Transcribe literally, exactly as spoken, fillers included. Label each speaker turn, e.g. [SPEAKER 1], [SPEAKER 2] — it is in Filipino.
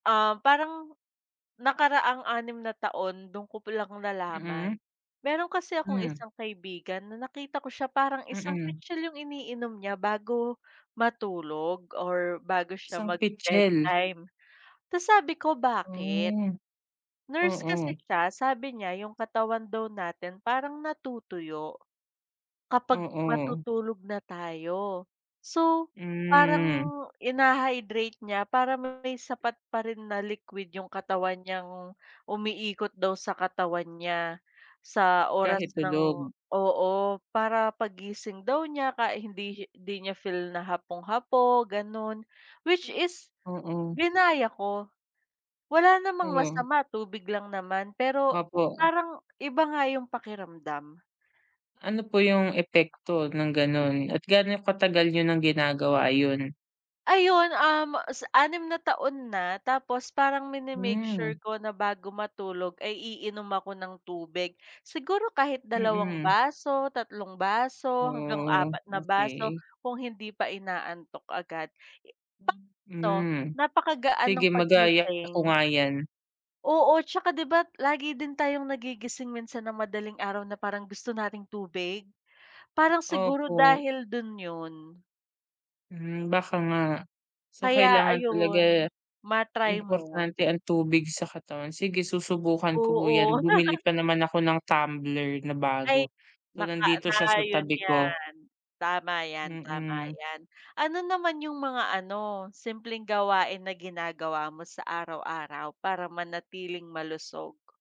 [SPEAKER 1] Ah, parang nakaraang anim na taon do'n ko palang nalaman.
[SPEAKER 2] Mm.
[SPEAKER 1] Mayro'n kasi akong
[SPEAKER 2] Hmm.
[SPEAKER 1] isang kaibigan na nakita ko siya parang isang
[SPEAKER 2] Mm.
[SPEAKER 1] pitsel yung iniinom niya bago, matulog or bago siya
[SPEAKER 2] Isang
[SPEAKER 1] mag
[SPEAKER 2] pitsel.
[SPEAKER 1] bedtime, ta's sabi ko, "bakit?"
[SPEAKER 2] Hmm,
[SPEAKER 1] Nurse kasi
[SPEAKER 2] mm.
[SPEAKER 1] siya sabi niya, yung katawan daw natin parang natutuyo kapag
[SPEAKER 2] Mm.
[SPEAKER 1] matutulog na tayo so parang,
[SPEAKER 2] Hmm.
[SPEAKER 1] ina-hydrate niya parang may sapat pa rin na liquid yung katawan niyang umiikot daw sa katawan niya sa oras
[SPEAKER 2] Kahit
[SPEAKER 1] ng
[SPEAKER 2] tulog.
[SPEAKER 1] oo, para paggising daw niya kahi hindi hindi niya feel na hapong-hapo gano'n which is
[SPEAKER 2] Mm.
[SPEAKER 1] ginaya ko wala namang
[SPEAKER 2] Hmm.
[SPEAKER 1] masama, tubig lang naman pero
[SPEAKER 2] Opo.
[SPEAKER 1] parang iba nga yung pakiramdam.
[SPEAKER 2] Ano po yung epekto ng gano'n at gaano katagal niyo ng ginagawa yon?
[SPEAKER 1] Ayon, um, sa anim na taon na tapos parang mini-make sure
[SPEAKER 2] Hmm.
[SPEAKER 1] ko na bago matulog ay iinom ako ng tubig, siguro kahit dalawang
[SPEAKER 2] Mm.
[SPEAKER 1] baso, tatlong baso hanggang
[SPEAKER 2] Hmm,
[SPEAKER 1] apat na baso
[SPEAKER 2] okey.
[SPEAKER 1] kung hindi pa inaantok agad.
[SPEAKER 2] Hmm,
[SPEAKER 1] Sakto
[SPEAKER 2] hmm.
[SPEAKER 1] napakagaan
[SPEAKER 2] Sige
[SPEAKER 1] ng
[SPEAKER 2] magaya ko
[SPEAKER 1] paggising.
[SPEAKER 2] nga yan.
[SPEAKER 1] Oo 'tsaka 'di ba lagi din tayong nagigising minsan ng madaling araw na parang gusto nating tubig, parang siguro
[SPEAKER 2] Opo.
[SPEAKER 1] dahil do'n yun.
[SPEAKER 2] Hmm, baka nga so
[SPEAKER 1] Kaya
[SPEAKER 2] kailangan talaga
[SPEAKER 1] ayun ma-try mo.
[SPEAKER 2] importante ang tubig sa katawan, sige susubukan ko po yan.
[SPEAKER 1] Oo.
[SPEAKER 2] Bumili pa naman ako ng tumbler na
[SPEAKER 1] Ay,
[SPEAKER 2] bago so
[SPEAKER 1] naka
[SPEAKER 2] nandito siya
[SPEAKER 1] na
[SPEAKER 2] sa
[SPEAKER 1] yun
[SPEAKER 2] tabi ko.
[SPEAKER 1] yan, tama yan, tama
[SPEAKER 2] Mm.
[SPEAKER 1] yan. Ano naman yung mga ano simpleng gawain na ginagawa mo sa araw-araw para manatiling malusog?